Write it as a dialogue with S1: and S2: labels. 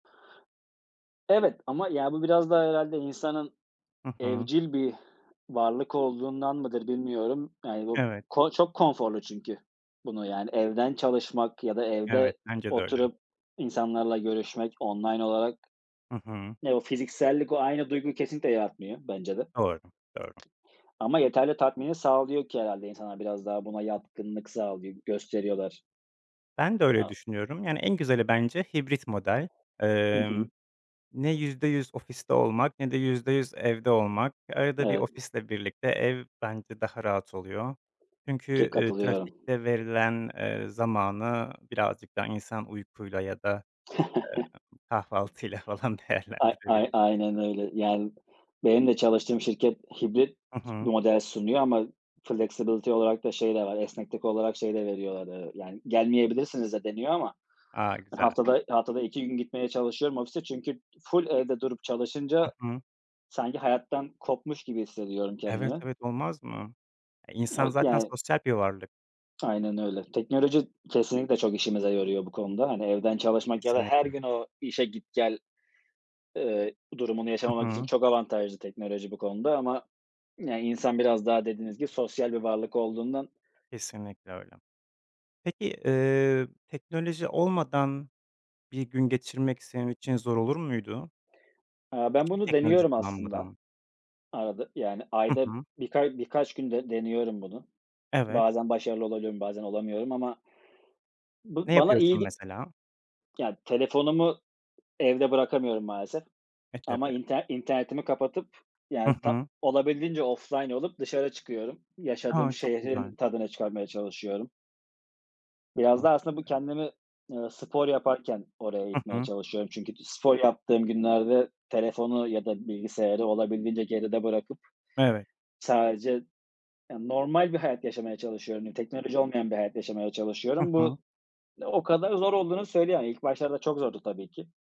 S1: Evet, ama, ya, bu biraz da herhâlde insanın
S2: Hı hı.
S1: evcil bir varlık olduğundan mıdır, bilmiyorum. Yani bu
S2: Evet.
S1: ko çok konforlu çünkü bunu, yani evden çalışmak ya da
S2: Evet,
S1: evde
S2: bence de öyle.
S1: oturup insanlarla görüşmek online olarak.
S2: Hı hı.
S1: Eee, o fiziksellik o aynı duyguyu kesinlikle yaratmıyor bence de.
S2: Doğru, doğru.
S1: Ama yeterli tatmini sağlıyor ki herhâlde insanlar biraz daha buna yatkınlık sağlıyor gösteriyorlar.
S2: Ben de öyle
S1: [unintelligible]
S2: düşünüyorum. Yani en güzeli bence hibrit model.
S1: Hı hı.
S2: Emm, ne %100 ofiste olmak ne de %100 evde olmak. Arada bir
S1: Evet.
S2: ofisle birlikte ev bence daha rahat oluyor.
S1: Ke
S2: Çünkü, eee,
S1: katılıyorum.
S2: trafikte verilen, eee, zamanı birazcık daha insan uykuyla ya da, eee, kahvaltıyla falan
S1: Ay ay
S2: değerlendirebilir.
S1: aynen öyle. Yani benim de çalıştığım şirket hibrit
S2: Hı hı.
S1: model sunuyor ama flexibility olarak da şey de var, esneklik olarak şey de veriyorlar. Eee, yani, "gelmeyebilirsiniz" de deniyor ama,
S2: A,
S1: hani,
S2: güzel.
S1: haftada haftada 2 gitmeye çalışıyorum ofise. Çünkü ful evde durup
S2: Hı
S1: çalışınca
S2: hı.
S1: sanki hayattan kopmuş gibi hissediyorum
S2: Evet,
S1: kendimi.
S2: evet, olmaz mı? E, insan
S1: O
S2: zaten
S1: Yani.
S2: sosyal bir varlık.
S1: Aynen öyle. Teknoloji kesinlikle çok işimize yarıyor bu konuda. Hani, evden çalışmak ya da her
S2: Kesinlikle.
S1: gün o işe git, gel, eee, durumunu
S2: Hı
S1: yaşamamak için
S2: hı.
S1: çok avantajlı teknoloji bu konuda. Ama, yani, insan biraz daha dediğiniz gibi sosyal bir varlık olduğundan
S2: Kesinlikle öyle. Peki, eee, teknoloji olmadan bir gün geçirmek, senin için zor olur muydu?
S1: Aaa, ben
S2: Hiçbir
S1: bunu
S2: teknoloji
S1: deniyorum aslında
S2: kullanmadan.
S1: arada. Yani
S2: Hı
S1: ayda
S2: hı.
S1: bir ka birkaç günde deniyorum bunu.
S2: Evet.
S1: Bazen başarılı olabiliyorum, bazen olamıyorum ama
S2: Ne
S1: Bu bana iyi
S2: yapıyorsun
S1: ge
S2: mesela?
S1: Ya, telefonumu evde bırakamıyorum maalesef.
S2: E,
S1: Ama
S2: tabii.
S1: inter internetimi kapatıp,
S2: Hı
S1: yani, ta
S2: hı.
S1: olabildiğince offline olup dışarı çıkıyorum. Yaşadığım
S2: A! Çok güzel.
S1: şehrin tadını çıkarmaya çalışıyorum. Biraz
S2: A,
S1: da aslında bu
S2: süper.
S1: kendimi, eee, spor yaparken oraya
S2: Hı
S1: itmeye
S2: hı.
S1: çalışıyorum. Çünkü t spor yaptığım günlerde telefonu ya da bilgisayarı olabildiğince geride bırakıp,
S2: Evet.
S1: sadece, yani, normal bir hayat yaşamaya çalışıyorum. Teknoloji olmayan bir hayat yaşamaya
S2: Hı
S1: çalışıyorum.
S2: hı.
S1: Bu, o kadar zor olduğunu söyleyemem. İlk başlarda çok zordu tabii ki.